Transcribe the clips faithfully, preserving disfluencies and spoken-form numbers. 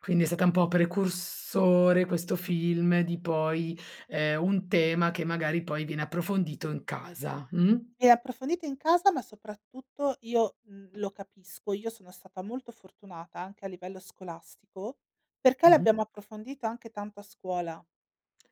Quindi è stata un po' precursore questo film di poi, ehm, un tema che magari poi viene approfondito in casa, mh? E approfondita in casa, ma soprattutto io, mh, lo capisco. Io sono stata molto fortunata anche a livello scolastico, perché Mh-mh. l'abbiamo approfondita anche tanto a scuola.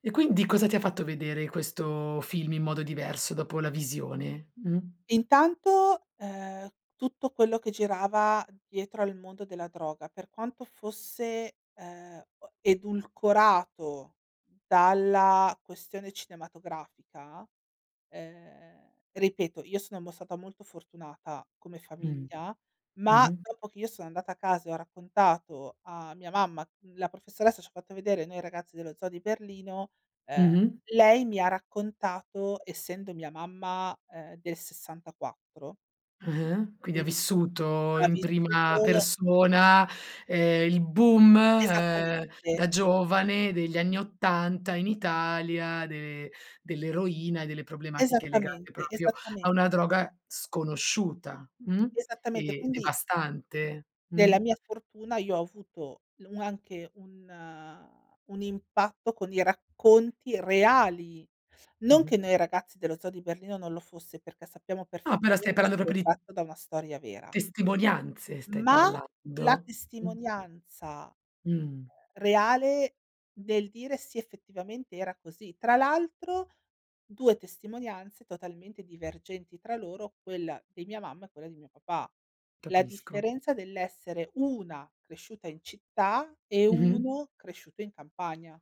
E quindi cosa ti ha fatto vedere questo film in modo diverso dopo la visione, mh? Intanto, ehm, tutto quello che girava dietro al mondo della droga, per quanto fosse, ehm, o edulcorato dalla questione cinematografica ehm, ripeto, io sono mo stata molto fortunata come Mh, famiglia, ma mh-mh. dopo che io sono andata a casa e ho raccontato a mia mamma, mhmm, la professoressa ci ha fatto vedere noi ragazzi dello Zoo di Berlino, ehm, Mh-mh. lei, mi ha raccontato, essendo mia mamma, ehm, del sessantaquattro Ah-ah. Quindi ha quindi vissuto ha in prima vissuto persona, ehm, il boom, Esattamente. uhm, da giovane degli anni ottanta in Italia de dell'eroina e delle problematiche legate Esattamente, propio a esattamen una droga sconosciuta, mh, Esattamente, e quindi devastante nella mh. mia fortuna io ho avuto l anche un un impatto con i racconti reali. Non Mh-mh. che Noi ragazzi dello zoo di Berlino, non lo fosse, perché sappiamo No, però stai perfettamente parlando propo essere di tratto da una storia vera testimonianze, stai ma la parlando mh? testimonianza Mh. reale del dire: "Sì effettivamente era così". Tra l'altro due testimonianze totalmente divergenti tra loro, quella di mia mamma e quella di mio papà. La Capisco. differenza dell'essere una cresciuta in città, e Mh-mh. uno cresciuto in campagna.